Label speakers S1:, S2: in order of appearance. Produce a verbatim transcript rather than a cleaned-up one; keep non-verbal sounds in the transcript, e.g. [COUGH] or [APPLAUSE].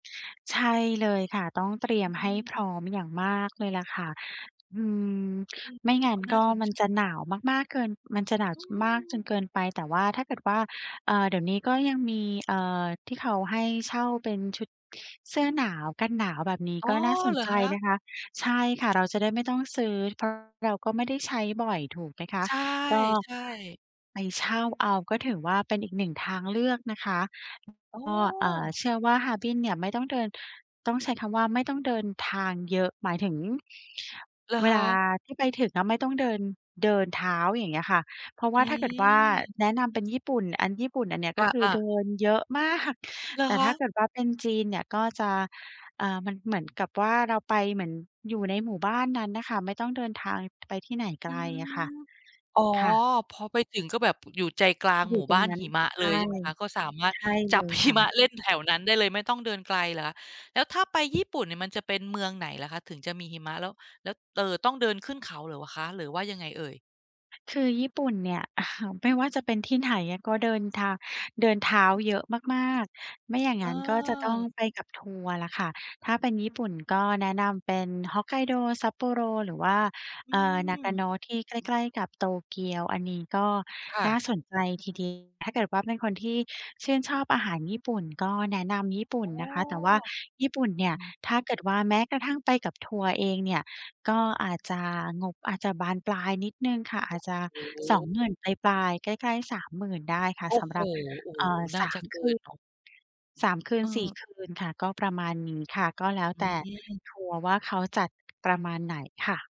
S1: ใช่ เลยค่ะ ต้องเ
S2: อ
S1: ตรียม
S2: อื
S1: ให้ พร
S2: ม
S1: ้อมอย่างมากเลยแหละค่ะ อืม
S2: อืม
S1: ไม่งั้
S2: ก
S1: น
S2: ็น
S1: ก
S2: ่า
S1: ็
S2: สน
S1: ม
S2: ใ
S1: ัน
S2: จ
S1: จะหน
S2: ค
S1: า
S2: ่ะ
S1: วมาก ๆ เกิน มันจะหนาว
S2: อื
S1: จ มากจ
S2: อ
S1: นเกินไป แต่ว่า ถ้าเกิดว่า เอ่อ เดี๋ยวนี้ก็ยังมี เอ่อ ที่เขาให้เช่าเป็นชุดเสื้อหนาว กันหนาวแบบนี้
S2: อ๋
S1: ก
S2: อ
S1: ็น่าสน
S2: เหรอ
S1: ใจ
S2: คะ?
S1: นะคะ ใช่ค่ะ เราจะได้ไม่ต้องซื้อ เพิ่ม เราก็ไม่ได้ใช้บ่อยถูกไหมคะ
S2: ใช
S1: ก็
S2: ่ ๆ
S1: ไปเช่าเอา ก็ถือว่าเป็นอีก หนึ่ง ทางเลือกนะคะ
S2: อ๋อ
S1: ฮ ก็ เอ่อ เชื่อว่าฮาร์บินเนี่ยไม่ต้องเดิน ต้องใช้คำว่าไม่ต้องเดินทางเยอะ หมายถึง
S2: เหรอ
S1: เว
S2: ค
S1: ลา
S2: ะ?
S1: ที่ไปถึงอะไม่ต้องเดิน เดินเท้า อย่างเงี้ยค่ะ เพราะว
S2: อ
S1: ่าถ้าเกิดว่า
S2: ืม
S1: แนะนำเป็นญี่ปุ่น อัน ญี่ปุ่นอันเนี้ยก็คื
S2: อ
S1: อ
S2: า
S1: เดิ
S2: ๆ
S1: นเยอะ มาก
S2: เหรอ
S1: แต่
S2: ค
S1: ถ้
S2: ะ?
S1: าเกิดว่าเป็นจีนเนี่ย ก็จะ อ่า มันเหมือนกับว่าเราไปเหมือนอยู่ในหมู่บ้านนั้นน่ะค่ะ ไม่ต้องเดินทาง ไปที่ไหนไก
S2: อื
S1: ลอะค่ะ
S2: ม อ๋อ
S1: ค่ะ
S2: พอไปถึงก็แบบอยู่ใจกลาง
S1: อยู
S2: หม
S1: ่
S2: ู่
S1: ตร
S2: บ
S1: ง
S2: ้าน
S1: นั้น
S2: หิมะ
S1: ใช
S2: เล
S1: ่
S2: ยใช่ไหมคะ ก็สามารถ
S1: ใช่เ
S2: จ
S1: ล
S2: ับ
S1: ย
S2: ห
S1: ค
S2: ิ
S1: ่ะ
S2: มะ เล่นแถวนั้นได้เลยไม่ต้องเดินไกลเหรอคะ แล้วถ้าไป ญี่ปุ่นเนี่ยมันจะเป็นเมืองไหนเหรอคะถึงจะมีหิมะ แล้ว แล้ว เอ่อ ต้องเดินขึ้นเขาเหรอ ว คะ หรือว่ายังไงเอ่ย?
S1: คือญี่ปุ่นเนี่ย [CHUCKLES] ไม่ว่าจะเป็นที่ไหนอะ ก็เดินทาง เดินเท้า เยอะมาก ๆ ไม่ อย่างงั้น ก็จะต้อง
S2: เออ
S1: ไปกับทัวร์แหละค่ะ ถ้าเป็นญี่ปุ่น ก็แนะนำเป็น Hokkaido Sapporo หรือว่า
S2: อื
S1: เอ่อ
S2: ม
S1: Nagano ที่ใกล้ ๆ กับ โตเกียวอันนี้ ก็
S2: ค่
S1: น
S2: ะ
S1: ่าสนใจที เดียว ถ้าเกิดว่าเป็นคนที่ชื่นชอบอาหาร ญี่ปุ่น ก็แนะนำญี่ปุ
S2: อ
S1: ่น
S2: ๋อ
S1: นะคะ แต่ว่าญี่ปุ่นเนี่
S2: อ
S1: ย
S2: ืม
S1: ถ้าเกิดว่าแม้กระทั่งไปกับ ทัวร์เองเนี่ย ก็อาจจะ งบอาจจะบานปลายนิดหนึ่งค่ะ อาจจะ
S2: โอ้โ
S1: สอง
S2: ฮ!
S1: หมื่น ปลาย ๆ ใกล้ ๆ สามหมื่น ได้ค่ะ
S2: โอ้
S1: สำ
S2: โฮ!
S1: หรับ
S2: โอ้โ
S1: เ
S2: ฮ
S1: อ่อ
S2: น่าจะเกินเนาะ
S1: สาม คืน สาม คื
S2: เ
S1: น สี่
S2: ออ
S1: คืนค่ะ ก็ประมาณนี้ค่ะ ก็แล้ว
S2: อื
S1: แต่
S2: ม
S1: ทัวร์ว่าเขาจัด ประมาณไหนค่ะ